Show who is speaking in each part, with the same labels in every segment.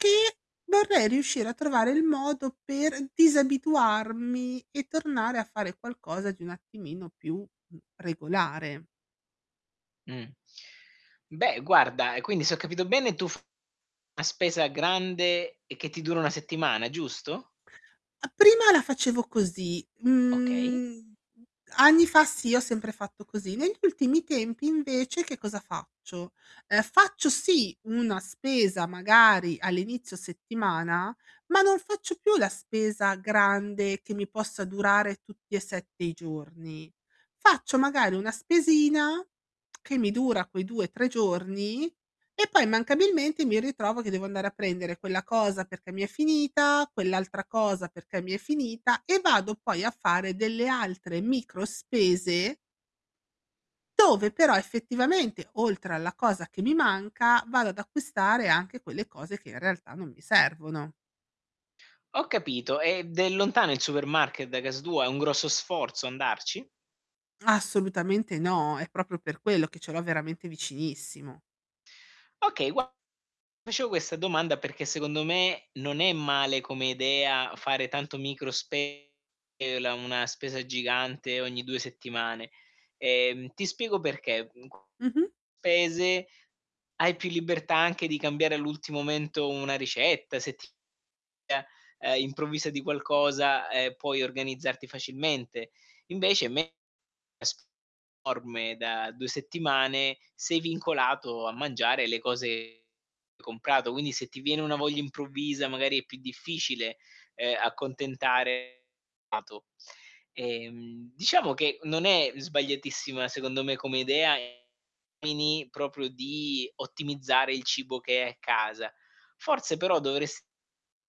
Speaker 1: Ti vorrei riuscire a trovare il modo per disabituarmi, e tornare a fare qualcosa di un attimino più, mhmm, regolare.
Speaker 2: Mh. Beh guarda, e quindi se ho capito bene tu fai una spesa grande, e che ti dura una settimana, giusto?
Speaker 1: A prima la facevo così.
Speaker 2: Okay.
Speaker 1: Mhmm, anni fa sì, ho sempre fatto così. Negli ultimi tempi, invece, che cosa faccio: uhm, faccio sì una spesa magari all'inizio settimana, ma non faccio più la spesa grande che mi possa durare tutti e 7 i giorni. Faccio, magari, una spesina che mi dura quei 2, 3 giorni, e poi immancabilmente mi ritrovo che devo andare a prendere quella cosa perché mi è finita, quell'altra cosa perché mi è finita, e vado poi a fare delle altre micro spese dove però effettivamente, oltre alla cosa che mi manca, vado ad acquistare anche quelle cose che in realtà non mi servono.
Speaker 2: Ho capito. Ed è lontano il supermarket da casa tua? È un grosso sforzo andarci?
Speaker 1: Assolutamente no, è proprio per quello, che ce l'ho veramente vicinissimo.
Speaker 2: Okay, guarda ti facevo questa domanda perché, secondo me, non è male come idea fare tanto micro spese [unintelligible] una spesa gigante ogni 2 settimane. Ehm, ti spiego perché: mhmm, [unintelligible]
Speaker 1: Mh-mh.
Speaker 2: spese hai più libertà anche di cambiare all'ulti momento una ricetta, se ti [unintelligible] uhm, improvvisa di qualcosa, ehm, puoi organizzarti facilmente. Invece [unintelligible] con una spesa enorme da 2 settimane sei vincolato a mangiare le cose che hai comprato. Quindi se ti viene una voglia improvvisa, magari, è più difficile, uhm, accontentare il palato Ehm, diciamo che non è sbagliatissima secondo me come idea, ehm, ai fini proprio di ottimizzare il cibo che è casa. Forse però dovresti mettere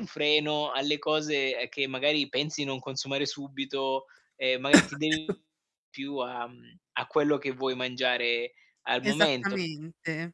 Speaker 2: un freno alle cose, ehm, che magari pensi non consumare subito, e magari ti dedichi di più a mhmm, a quello che vuoi mangiare al momento.
Speaker 1: Esattamente.